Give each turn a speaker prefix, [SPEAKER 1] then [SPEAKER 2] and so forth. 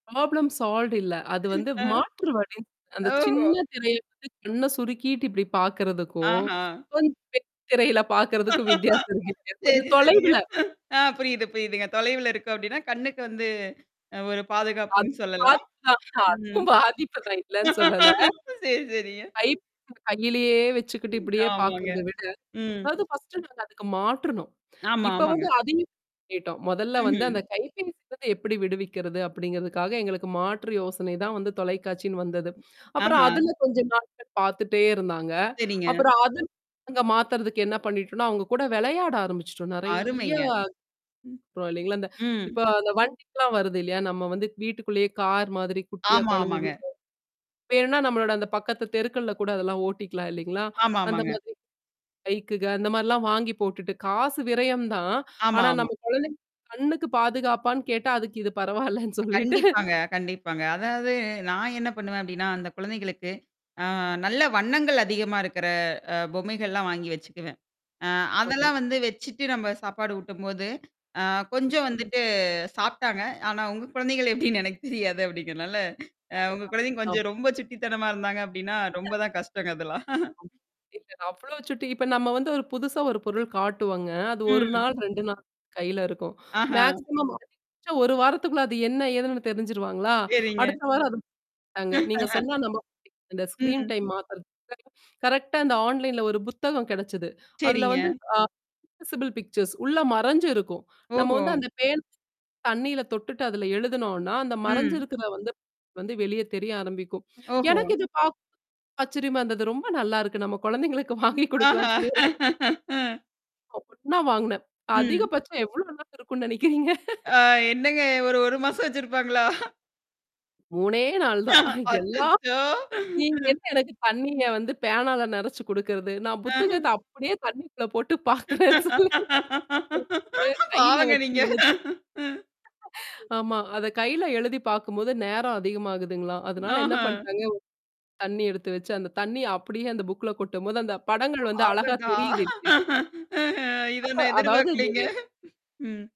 [SPEAKER 1] Problem solved இல்ல. அது வந்து
[SPEAKER 2] அ,
[SPEAKER 1] மாற்று வழி. அந்தச்
[SPEAKER 2] ஓஹோ!
[SPEAKER 1] சின்ன திரைய கண்ணை சுருக்கிட்டு இப்பிடி பாக்குறதுக்கும்,
[SPEAKER 2] ஆஹா!
[SPEAKER 1] கொஞ்சம் பெரிய திரையில பாக்குறதுக்கும் வித்தியாசம் இருக்கு. கொஞ்சம்
[SPEAKER 2] சரி, சரிங்க.
[SPEAKER 1] தொலைவுல.
[SPEAKER 2] ஆ புரியுது, புரியுதுங்க. தொலைவுல இருக்கு அப்பிடின்னா கண்ணுக்கு வந்து அ ஒரு
[SPEAKER 1] அது
[SPEAKER 2] பாதுகாப்பின்னு சொல்லலாம்.
[SPEAKER 1] பாதிப்பு தான்.
[SPEAKER 2] ம்.
[SPEAKER 1] அதுவும் பாதிப்பு தான் இல்லன்னு சொல்லல.
[SPEAKER 2] சரி, சரிங்க.
[SPEAKER 1] கை
[SPEAKER 2] ம்.
[SPEAKER 1] கையிலயே வச்சுக்கிட்டு
[SPEAKER 2] ம்.
[SPEAKER 1] இப்பிடியே
[SPEAKER 2] ஆமாங்க.
[SPEAKER 1] பாக்குறத விட,
[SPEAKER 2] ம்.
[SPEAKER 1] அதாவது பர்ஸ்டு நாங்க அதுக்கு மாற்றணும்.
[SPEAKER 2] ஆமா,
[SPEAKER 1] இப்ப
[SPEAKER 2] ஆமாங்க.
[SPEAKER 1] வந்து அது [unintelligible] மொதல்ல வந்து
[SPEAKER 2] ம்ஹ்ம்.
[SPEAKER 1] அந்தக் கைப்பேசி [unintelligible] எப்பிடி விடுவிக்கிறது? அப்பிடிங்கிறதுக்காக எங்களுக்கு மாற்று யோசனை தான் வந்து தொலைக்காட்சினு வந்தது. அப்புறம்
[SPEAKER 2] ஆஹா!
[SPEAKER 1] அதுல கொஞ்ச நாட்கள் பார்த்துட்டே இருந்தாங்க.
[SPEAKER 2] சரிங்க.
[SPEAKER 1] அப்புறம் அதுல இருந்து மாத்துறதுக்கு என்ன பண்ணிட்டோன்னா, அவுங்க கூட விளையாட ஆரம்பிச்சிட்டோம். நிறைய
[SPEAKER 2] அருமைங்க. ம்,
[SPEAKER 1] பரவால்லேங்களா!
[SPEAKER 2] ம்.
[SPEAKER 1] இப்ப அந்த வண்டி எல்லாம் வருது இல்லயா! நம்ம வீட்டுக்குள்ளே கார் மாதிரி குட்டியா
[SPEAKER 2] ஆமா, ஆமாங்க.
[SPEAKER 1] குழந்தைங்களுக்கு வேணுன்னா நம்மளோட அந்தப் பக்கத்து தெருக்கள்ல கூட அதெல்லாம் ஓட்டிக்கலாம் இல்லீங்களா!
[SPEAKER 2] ஆமா,
[SPEAKER 1] அந்த
[SPEAKER 2] ஆமாங்க.
[SPEAKER 1] மாதிரி பைக்குக அந்தமாரிலாம் வாங்கி போட்டுட்டு காசு விரயம் தான்.
[SPEAKER 2] ஆமா,
[SPEAKER 1] ஆனா
[SPEAKER 2] ஆமா.
[SPEAKER 1] நம்ம குழந்தை கண்ணுக்குப் பாதுகாப்பான்னு கேட்டா அதுக்கு இது பரவாயில்லன்னு சொல்லிட்டு.
[SPEAKER 2] கண்டிப்பாங்க, கண்டிப்பாங்க. அதாவது நான் என்ன பண்ணுவேன் அப்பிடின்னா, அந்தக் குழந்தைகளுக்கு அ நல்ல வண்ணங்கள் அதிகமா இருக்கிற அ பொம்மைகள்லாம் வாங்கி வச்சுக்குவேன். அ
[SPEAKER 1] ஆமா.
[SPEAKER 2] அதெல்லாம் வந்து வச்சிட்டு நம்ம சாப்பாடு ஊட்டும் போது, அ கொஞ்சம்
[SPEAKER 1] ம்.
[SPEAKER 2] வந்துட்டு சாப்பிட்டாங்க. ஆனா, உங்க குழந்தைங்க எப்பிடின்னு எனக்குத் தெரியாது அப்பிடிங்கிறனால அ உங்க குழந்தைங்க
[SPEAKER 1] அ.
[SPEAKER 2] கொஞ்சம் ரொம்ப சுட்டித்தனமா இருந்தாங்க அப்பிடின்னா ரொம்பதான் கஷ்டங்க அதெல்லாம்.
[SPEAKER 1] [unintelligible] இல்லங்க, அவ்ளோ சுட்டி இப்ப நம்ம வந்து ஒரு புதுசா ஒரு பொருள் காட்டுவாங்க. அது ஒரு
[SPEAKER 2] ம்.
[SPEAKER 1] நாள், 2 நாள் கையில இருக்கும்
[SPEAKER 2] ஆஹா!
[SPEAKER 1] மேக்ஸிமம் அதிகபட்சம் ஒரு வாரத்துக்குள்ள அது என்ன ஏதுன்னு தெரிஞ்சுருவாங்களா?
[SPEAKER 2] சரிங்க.
[SPEAKER 1] அடுத்த வாரம் அதும், [unintelligible] நீங்கச் சொன்னா நம்ப மாட்டீங்க. அந்த ஸ்கிரீன்
[SPEAKER 2] ம்.
[SPEAKER 1] டைம் மாத்துறது. கரெக்டா அந்த ஆன்லைன்ல ஒரு புத்தகம் கிடைச்சுது. அதுல
[SPEAKER 2] சரிங்க.
[SPEAKER 1] வந்து, ஆக்ஸசிபில் பிக்சர்ஸ் உள்ள மறைஞ்சு இருக்கும். நம்ம
[SPEAKER 2] ஓஹோ!
[SPEAKER 1] அந்தப் பேன் தண்ணீயில தொட்டுட்டு அதுல எழுதுனோன்னா, அந்த
[SPEAKER 2] ம்.
[SPEAKER 1] மறைஞ்சிருக்கிற வந்து, வந்து வெளிய தெரிய ஆரம்பிக்கும்.
[SPEAKER 2] ஓஹோ!
[SPEAKER 1] எனக்கு இது பாக்க ஆச்சரியமா இருந்தது. ரொம்ப நல்லா இருக்கு நம்ம குழந்தைகளுக்கு வாங்கி
[SPEAKER 2] ம், ஆஹா!
[SPEAKER 1] கொடுக்கலான்னு சொல்லி ஒரு
[SPEAKER 2] அ
[SPEAKER 1] உடனே வாங்குனேன்.
[SPEAKER 2] ம்.
[SPEAKER 1] அதிகபட்சம் எவ்வளவு நாள் இருக்குன்னு நினைக்கிறீங்க.
[SPEAKER 2] ஆ, என்னங்க ஒரு ஒரு மாசம் வச்சிருப்பாங்களா?
[SPEAKER 1] 3ஏ நாள் தான் எல்லா
[SPEAKER 2] அச்சச்சோ!
[SPEAKER 1] நீங்க
[SPEAKER 2] ம்.
[SPEAKER 1] எனக்குத் தண்ணீய வந்து பேனால நிறைச்சு குடுக்கிறது. நான் புத்தகத்த
[SPEAKER 2] அ
[SPEAKER 1] அப்பிடியே தண்ணிக்குள்ள போட்டுப் பாக்குறேன். சொல்லி ஏ கையில
[SPEAKER 2] பாவங்க
[SPEAKER 1] வச்சு
[SPEAKER 2] நீங்க!
[SPEAKER 1] எழுத்
[SPEAKER 2] ம்.
[SPEAKER 1] ஆமா, அதக் கையில எழுதிப் பாக்கும்போது நேரம் அதிகமாகுதுங்களாம்! அதுனால என்ன
[SPEAKER 2] ம்ஹ்ம்.
[SPEAKER 1] பண்ணிட்டாங்க. தண்ணீய எடுத்து வச்சு அந்தத் தண்ணிய அப்பிடியே அந்த புக்ல கொட்டும் போது அந்தப் படங்கள் வந்து அழகா
[SPEAKER 2] அடடா!
[SPEAKER 1] தெரியுது [unintelligible]
[SPEAKER 2] ம், இத
[SPEAKER 1] அது
[SPEAKER 2] நான்
[SPEAKER 1] அதாவது நீங்க
[SPEAKER 2] பார்க்கலேங்க. ம்.